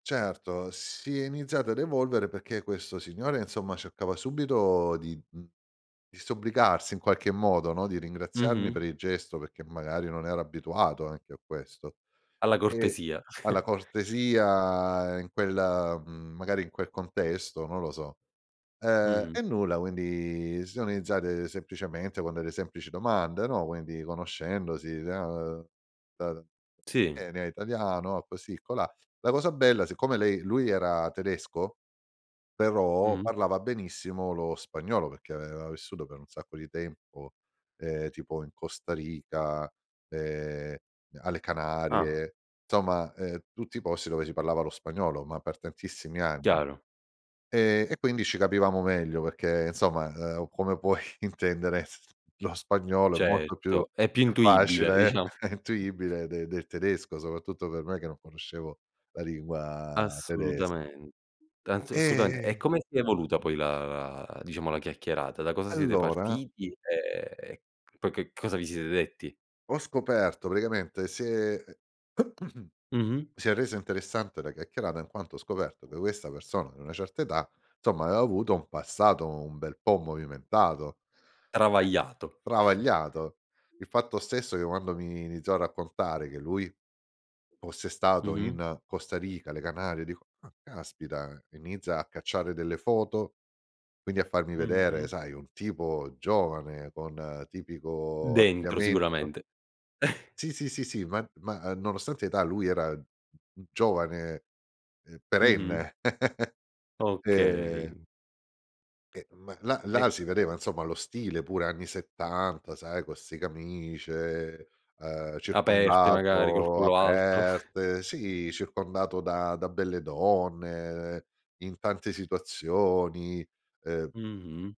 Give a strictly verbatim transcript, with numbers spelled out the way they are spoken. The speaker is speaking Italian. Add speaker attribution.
Speaker 1: Certo, si è iniziato ad evolvere, perché questo signore, insomma, cercava subito di, mhmm, disobbligarsi in qualche modo, no, di ringraziarmi
Speaker 2: Mh-mh.
Speaker 1: per il gesto perché magari non era abituato anche a questo.
Speaker 2: Alla
Speaker 1: E
Speaker 2: cortesia.
Speaker 1: alla cortesia in quel mhmm, magari in quel contesto, non lo so. Ehm,
Speaker 2: Mh-mh.
Speaker 1: e nulla, quindi sì, sono iniziate semplicemente con delle semplici domande, no, quindi conoscendosi [unintelligible]
Speaker 2: Sì.
Speaker 1: "Eh, lei è italiano" così colà. La cosa bella, siccome lei lui era tedesco, però
Speaker 2: Mh-mh.
Speaker 1: parlava benissimo lo spagnolo, perché aveva vissuto per un sacco di tempo, ehm, tipo in Costa Rica, ehm, alle
Speaker 2: Ah.
Speaker 1: Canarie, somma, ehm, tutti posti dove si parlava lo spagnolo, ma per tantissimi anni.
Speaker 2: Chiaro.
Speaker 1: Ehm, e quindi ci capivamo meglio perché insomma, ehm, come puoi intendere, lo spagnolo è molto più
Speaker 2: Certo, è più
Speaker 1: più
Speaker 2: intuibile
Speaker 1: facile
Speaker 2: diciamo.
Speaker 1: e intuibile de del tedesco, soprattutto per me, che non conoscevo la lingua tedesca.
Speaker 2: Assolutamen anzi, assolutamente. E
Speaker 1: E
Speaker 2: come si è evoluta poi la la diciamo la chiacchierata? Da cosa siete
Speaker 1: allora
Speaker 2: partiti, e e poi che cosa vi siete detti?
Speaker 1: ho scoperto praticamente si è
Speaker 2: Mh-mh.
Speaker 1: si è resa interessante la chiacchierata, in quanto ho scoperto che questa persona, di una certa età, somma, aveva avuto un passato un bel po' movimentato,
Speaker 2: Travagliato.
Speaker 1: travagliato. Il fatto stesso, che quando mi iniziò a raccontare, che lui fosse stato
Speaker 2: Mh-mh.
Speaker 1: in Costa Rica, le Canarie, dico: "Ah, caspita!" Inizia a cacciare delle foto, quindi a farmi vedere,
Speaker 2: Mh-mh.
Speaker 1: sai, un tipo giovane con tipico
Speaker 2: Dentro
Speaker 1: abbigliamento
Speaker 2: sicuramente.
Speaker 1: Sì, sì, sì, sì, ma ma, uhm, nonostante età lui era un giovane, ehm,
Speaker 2: Mh-mh.
Speaker 1: perenne. Ehm
Speaker 2: Okay.
Speaker 1: ehm, ma là
Speaker 2: E
Speaker 1: là si vedeva, insomma, lo stile pure anni settanta sai, con 'ste camicie, ehm, uhm,
Speaker 2: Aperte magari, col
Speaker 1: circondato
Speaker 2: collo alto.
Speaker 1: aperte, sì, circondato da da belle donne, in tante situazioni, ehm
Speaker 2: Mh-mh.